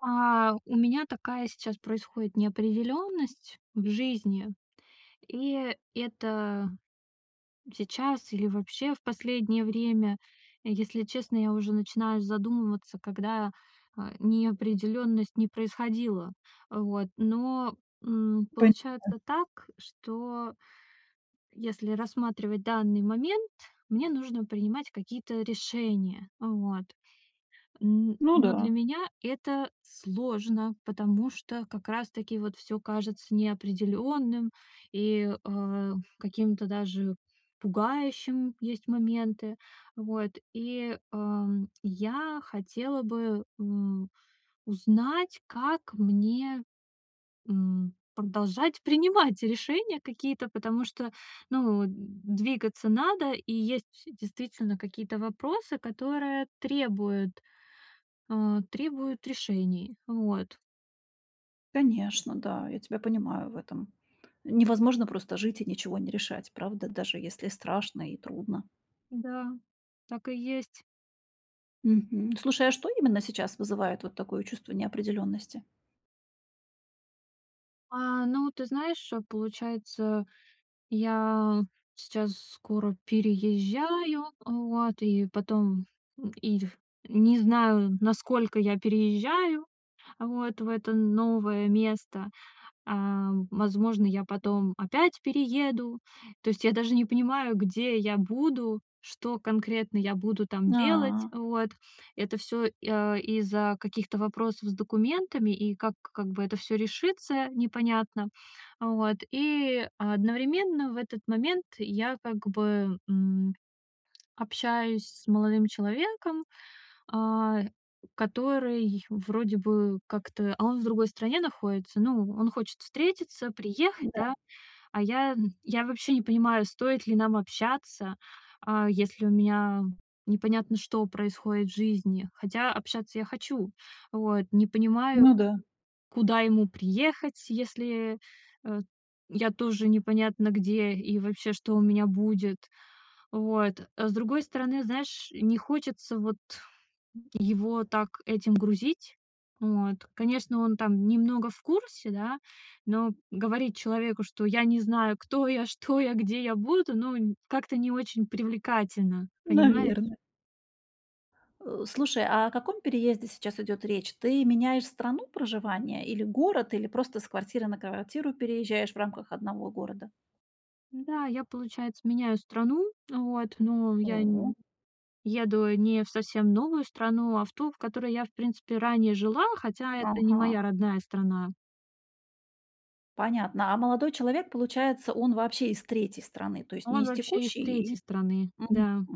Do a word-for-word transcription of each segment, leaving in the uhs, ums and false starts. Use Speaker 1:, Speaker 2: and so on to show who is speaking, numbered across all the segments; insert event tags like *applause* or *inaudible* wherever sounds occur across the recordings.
Speaker 1: А, у меня такая сейчас происходит неопределённость в жизни. И это сейчас или вообще в последнее время, если честно, я уже начинаю задумываться, когда, э, неопределённость не происходила. Вот, но, м,
Speaker 2: Пэ а.
Speaker 1: получается так, что если рассматривать данный момент, мне нужно принимать какие-то решения. Вот, н
Speaker 2: Ну
Speaker 1: но для
Speaker 2: да.
Speaker 1: меня это сложно, потому что как раз-таки вот всё кажется неопределённым, и, э, каким-то даже пугающим, есть моменты. Вот и, эм, я хотела бы, м, узнать, как мне, м, продолжать принимать решения какие-то. Потому что, ну, м, двигаться надо. И есть действительно какие-то вопросы, которые требуют, э, требуют решений. Вот.
Speaker 2: Конечно, да, я тебя понимаю в этом. Невозможно просто жить и ничего не решать, правда? Даже если страшно и трудно.
Speaker 1: Да, так и есть.
Speaker 2: Мгм. Слушай, а что именно сейчас вызывает вот такое чувство неопределённости?
Speaker 1: А, ну ты знаешь, получается, я сейчас скоро переезжаю, вот, и потом, и ф не знаю, насколько я переезжаю, вот, в это новое место. А, возможно, я потом опять перееду. То есть я даже не понимаю, где я буду, что конкретно я буду там делать.
Speaker 2: А.
Speaker 1: Вот. Это всё, и, а, из-за каких-то вопросов с документами. И как как бы это всё решится, непонятно. Вот, и одновременно в этот момент я как бы, м, общаюсь с молодым человеком, а, который вроде бы как-то, а, он в другой стране находится. Ну, он хочет встретиться, приехать,
Speaker 2: М-да.
Speaker 1: да. А я, м, я вообще не понимаю, стоит ли нам общаться, а, если у меня непонятно что происходит в жизни. Хотя общаться я хочу. Вот, не понимаю,
Speaker 2: Ну да.
Speaker 1: куда ему приехать, если, э, я тоже непонятно где и вообще, что у меня будет. Вот. А с другой стороны, знаешь, не хочется вот его так этим грузить. Вот. Конечно, он там немного в курсе, да, но говорить человеку, что я не знаю кто я, что я, где я буду, ну как-то не очень привлекательно, понимаешь?
Speaker 2: Наверно. Э, слушай, а о каком переезде сейчас идёт речь? Ты меняешь страну проживания или город, или просто с квартиры на квартиру переезжаешь в рамках одного города?
Speaker 1: М-да, я, получается, меняю страну вот, но я н
Speaker 2: У.
Speaker 1: еду не в совсем новую страну, а в ту, в которой я в принципе ранее жила, хотя это не моя
Speaker 2: Ага.
Speaker 1: родная страна.
Speaker 2: Понятно. А молодой человек, получается, он вообще из третьей страны? То есть не
Speaker 1: Он
Speaker 2: из
Speaker 1: вообще из
Speaker 2: текущей
Speaker 1: третьей
Speaker 2: и
Speaker 1: страны.
Speaker 2: мгм.
Speaker 1: Да.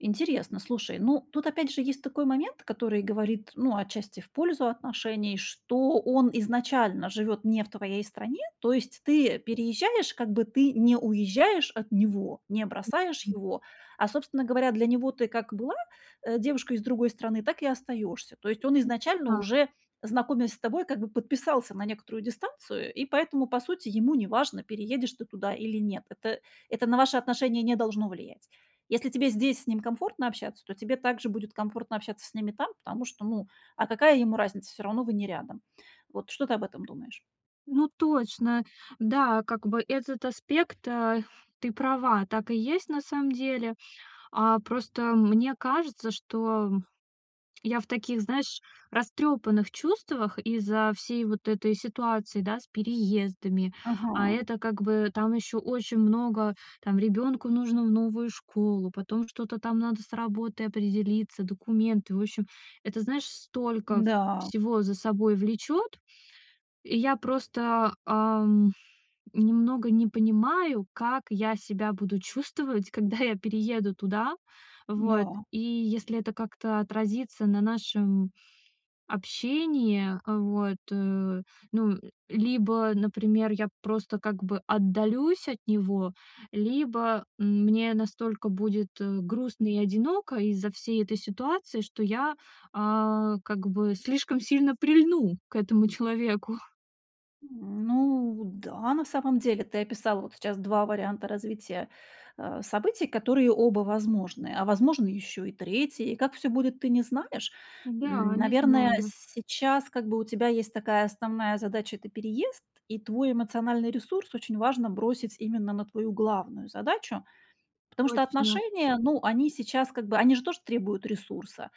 Speaker 2: Интересно, слушай. Ну, тут опять же есть такой момент, который говорит, ну, отчасти в пользу отношений, что он изначально живёт не в твоей стране. То есть ты переезжаешь, как бы ты не уезжаешь от него, не
Speaker 1: М,
Speaker 2: бросаешь
Speaker 1: м.
Speaker 2: его, а, собственно говоря, для него ты как была, э, девушкой из другой страны, так и остаёшься. То есть он
Speaker 1: *unintelligible*
Speaker 2: изначально
Speaker 1: Да.
Speaker 2: уже, знакомясь с тобой, как бы подписался на некоторую дистанцию, и поэтому, по сути, ему неважно: переедешь ты туда или нет. Это это на ваши отношения не должно влиять. Если тебе здесь с ним комфортно общаться, то тебе также будет комфортно общаться с ним и там, потому что, ну, а какая ему разница? Всё равно вы не рядом. Вот что ты об этом думаешь?
Speaker 1: Ну точно. Да, как бы этот аспект, а. Ты права, так и есть на самом деле. А, просто мне кажется, что, м, я в таких, знаешь, растрёпанных чувствах из-за всей вот этой ситуации, да, с переездами. А
Speaker 2: Ага.
Speaker 1: это как бы там ещё очень много: там ребёнку нужно в новую школу, потом что-то там надо с работой определиться, документы. В общем, это, знаешь, столько
Speaker 2: М-да.
Speaker 1: всего за собой влечёт. И я просто, ам, немного не понимаю, как я себя буду чувствовать, когда я перееду туда. Вот.
Speaker 2: Да.
Speaker 1: И если это как-то отразится на нашем общении вот, э, ну, либо, например, я просто как бы отдалюсь от него, либо мне настолько будет, э, грустно и одиноко из-за всей этой ситуации, что я, а, как бы, слишком сильно прильну к этому человеку.
Speaker 2: М, ну да, на самом деле ты описала сейчас два варианта развития, э, событий, которые оба возможны. А возможно ещё и третий. И как всё будет, ты не знаешь.
Speaker 1: Да,
Speaker 2: М,
Speaker 1: не
Speaker 2: наверное,
Speaker 1: знаю.
Speaker 2: сейчас как бы у тебя есть такая основная задача- это переезд, и твой эмоциональный ресурс очень важно бросить именно на твою главную задачу. Потому что
Speaker 1: Точно.
Speaker 2: отношения, ну, они сейчас как бы они же тоже требуют ресурса.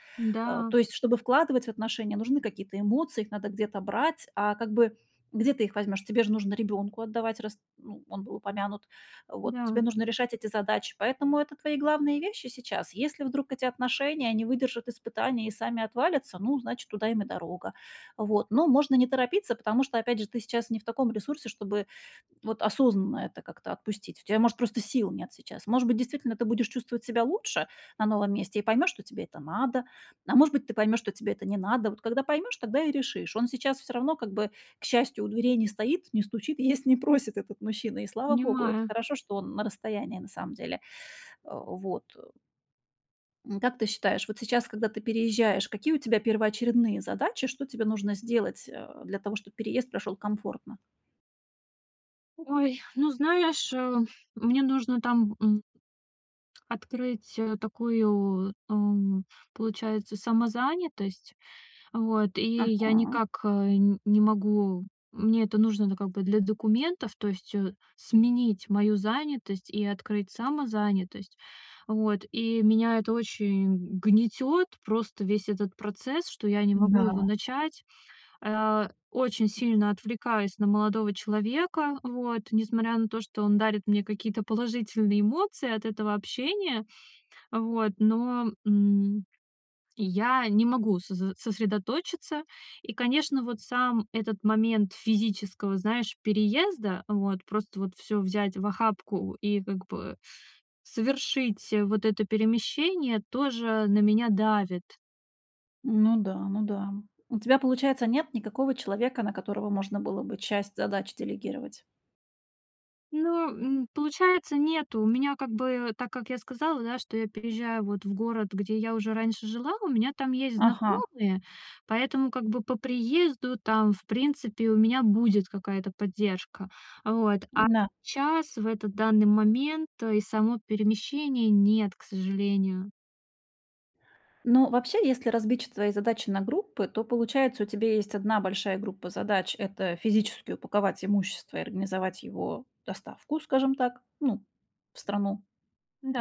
Speaker 2: Э,
Speaker 1: Да.
Speaker 2: то есть чтобы вкладывать в отношения, нужны какие-то эмоции, их надо где-то брать. А как бы, где ты их возьмёшь? Тебе же нужно ребёнку отдавать, раз, ну, был упомянут, э, вот,
Speaker 1: Да.
Speaker 2: тебе нужно решать эти задачи. Поэтому это твои главные вещи сейчас. Если вдруг эти отношения не выдержат испытания и сами отвалятся, ну, значит, туда им и дорога. Вот, но можно не торопиться, потому что, опять же, ты сейчас не в таком ресурсе, чтобы вот осознанно это как-то отпустить. У тебя, может, просто сил нет сейчас. Может быть, действительно ты будешь чувствовать себя лучше на новом месте и поймешь, что тебе это надо. А может быть, ты поймешь, что тебе это не надо. Вот когда поймешь, тогда и решишь. Он сейчас всё равно как бы, к счастью, у дверей не стоит, не стучит и есть не просит этот мужчина, и слава богу. Это
Speaker 1: Понимаю.
Speaker 2: хорошо, что он на расстоянии на самом деле. Э, вот. М, как ты считаешь, вот сейчас, когда ты переезжаешь, какие у тебя первоочередные задачи, что тебе нужно сделать, э, для того, чтобы переезд прошёл комфортно?
Speaker 1: Ой, ну, знаешь, э, мне нужно там, м открыть, э, такую, эм, получается, самозанятость. Вот, и я
Speaker 2: Ага.
Speaker 1: никак, э, н не могу мне это нужно, ну, как бы, для документов, то есть, э, сменить мою занятость и открыть самозанятость. Вот, и меня это очень гнетёт, просто весь этот процесс, что я не могу его
Speaker 2: М-да.
Speaker 1: начать. А, очень сильно отвлекаюсь на молодого человека, вот, несмотря на то, что он дарит мне какие-то положительные эмоции от этого общения. Вот, но, м, я не могу сос э, сосредоточиться. И, конечно, вот сам этот момент физического, знаешь, переезда, вот, просто вот всё взять в охапку и, как бы, э, совершить вот это перемещение тоже на меня давит.
Speaker 2: Ну да, ну да. У тебя, получается, нет никакого человека, на которого можно было бы часть задач делегировать?
Speaker 1: Ну, м, получается, нету. У меня как бы так, как я сказала, да, что я переезжаю вот в город, где я уже раньше жила, у меня там есть
Speaker 2: Ага.
Speaker 1: знакомые, поэтому как бы по приезду там, в принципе, у меня будет какая-то поддержка. Вот. А
Speaker 2: Н-да.
Speaker 1: щас, в этот данный момент, э, и само перемещение- нет, к сожалению.
Speaker 2: Ну, вообще, если разбить ч твои задачи на группы, то, получается, у тебя есть одна большая группа задач- это физически упаковать имущество и организовать его доставку, скажем так, ну, в страну,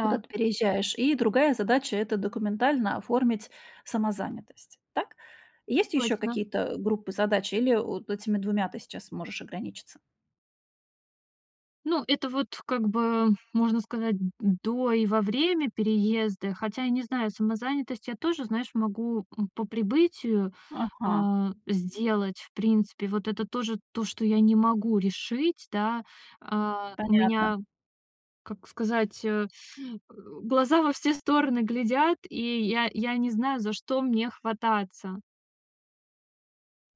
Speaker 2: куда ты переезжаешь. И другая задача- это документально оформить самозанятость, так? Есть ещё
Speaker 1: Точно.
Speaker 2: какие-то, э, группы задач или *grunts* вот этими двумя ты сейчас можешь ограничиться?
Speaker 1: Ну, это вот как бы, можно сказать, м, м, до и во время переезда. Хотя я не знаю, самозанятость я тоже, знаешь, могу, м, по прибытию,
Speaker 2: Ага.
Speaker 1: а, сделать, в принципе. Вот это тоже то, что я не могу решить, да, а. У меня,
Speaker 2: Понятно.
Speaker 1: как сказать, э, э, глаза во все стороны глядят, и я я не знаю, за что мне хвататься.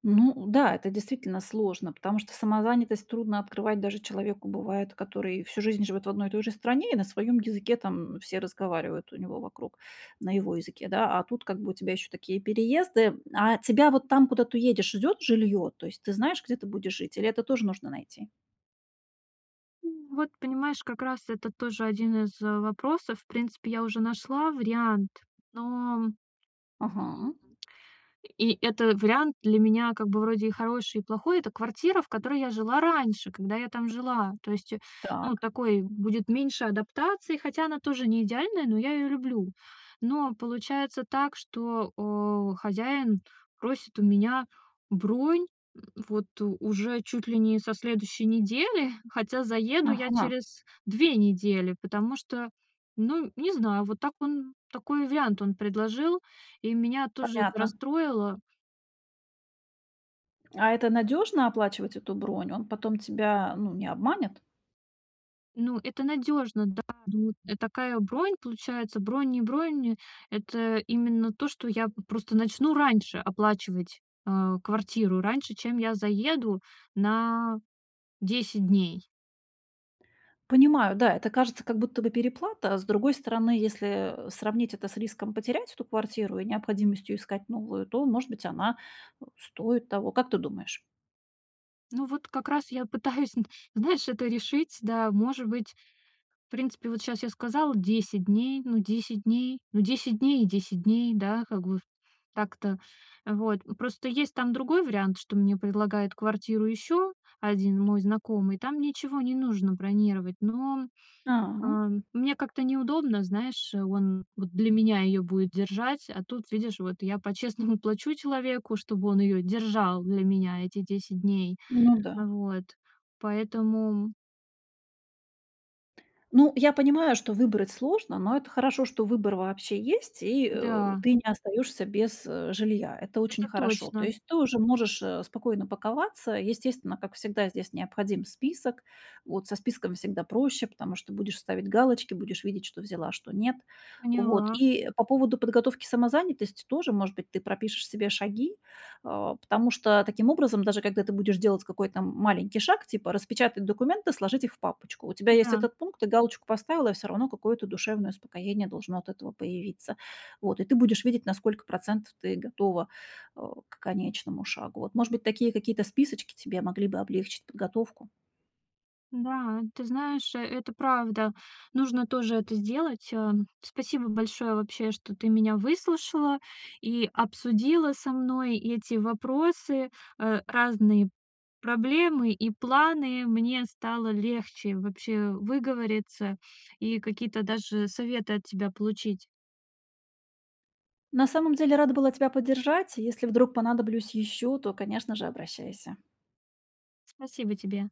Speaker 2: Ну да, это действительно сложно, потому что самозанятость трудно открывать даже человеку бывает, который и всю жизнь живет в одной и той же стране, и на своем языке там все разговаривают у него вокруг, на его языке, да. А тут как бы у тебя еще такие переезды, м. А тебя вот там, куда ты едешь, ждет жилье? То есть ты знаешь, где ты будешь жить? Или это тоже нужно найти?
Speaker 1: М, вот понимаешь, как раз это тоже один из, э, вопросов. В принципе, я уже нашла вариант, но м
Speaker 2: Ага.
Speaker 1: и это вариант для меня как бы вроде и хороший, и плохой. Это квартира, в которой я жила раньше, когда я там жила. То есть, э, ну,
Speaker 2: Так.
Speaker 1: такой будет меньше адаптации, хотя она тоже не идеальная, но я её люблю. Но получается так, что, о, хозяин просит у меня бронь, м, вот, уже чуть ли не со следующей недели, хотя заеду я
Speaker 2: Ага.
Speaker 1: через две недели, потому что, ну, не знаю, вот так он, такой вариант он предложил, и меня тоже это
Speaker 2: Понятно.
Speaker 1: расстроило.
Speaker 2: А это надёжно- оплачивать эту бронь? Он потом тебя, ну, не обманет?
Speaker 1: Ну, это надёжно, да, ну, э, такая бронь, получается. Бронь не бронь. Это именно то, что я п просто начну раньше оплачивать, а, квартиру, раньше, чем я заеду на десять дней.
Speaker 2: Понимаю, да, это кажется, как будто бы переплата. А с другой стороны, если, э, сравнить это с риском потерять эту квартиру и необходимостью искать новую, то, может быть, она, э, стоит того, как ты думаешь?
Speaker 1: Ну, вот как раз я пытаюсь нт знаешь, это решить. Да, может быть, в принципе, вот щас я сказала десять дней, ну, десять дней, ну, десять дней и десять дней, да, как бы в так-то, э, вот. М, просто есть там другой вариант, что мне предлагает квартиру ещё один мой знакомый, там ничего не нужно бронировать. Но,
Speaker 2: А.
Speaker 1: а, мне как-то неудобно, знаешь, он вот для меня её будет держать, а тут, видишь, вот я по-честному плачу человеку, чтобы он её держал для меня эти десять дней.
Speaker 2: Ну да.
Speaker 1: Вот, поэтому
Speaker 2: Ну, я понимаю, что выбрать сложно, но это хорошо, что выбор вообще есть, и, э,
Speaker 1: Да.
Speaker 2: ты не остаёшься без, э, жилья. Это очень
Speaker 1: Это
Speaker 2: хорошо. То
Speaker 1: точно.
Speaker 2: есть ты уже можешь, э, спокойно паковаться. Естественно, как всегда, здесь необходим список. Вот со списком всегда проще, потому что будешь ставить галочки, будешь видеть, что взяла, а что нет. Вот,
Speaker 1: Поняла.
Speaker 2: и по поводу подготовки самозанятости тоже, может быть, ты пропишешь себе шаги. А, потому что таким образом, даже когда ты будешь делать какой-то м маленький шаг, типа: распечатать документы, сложить их в папочку- у тебя есть
Speaker 1: Да.
Speaker 2: этот пункт, ты галочку поставила, и всё равно какое-то душевное успокоение должно от этого появиться. Вот, и ты будешь видеть, на сколько процентов ты готова, э, к конечному шагу. Вот, может быть, такие какие-то списочки тебе могли бы облегчить подготовку?
Speaker 1: Да, ты знаешь, э, это правда, нужно тоже это сделать. Ам, спасибо большое вообще, что ты меня выслушала и обсудила со мной эти вопросы, э, разные проблемы и планы. Мне стало легче вообще выговориться и какие-то даже советы от тебя получить.
Speaker 2: На самом деле рада была тебя поддержать. Если вдруг понадоблюсь ещё, то, конечно же, обращайся.
Speaker 1: Спасибо тебе.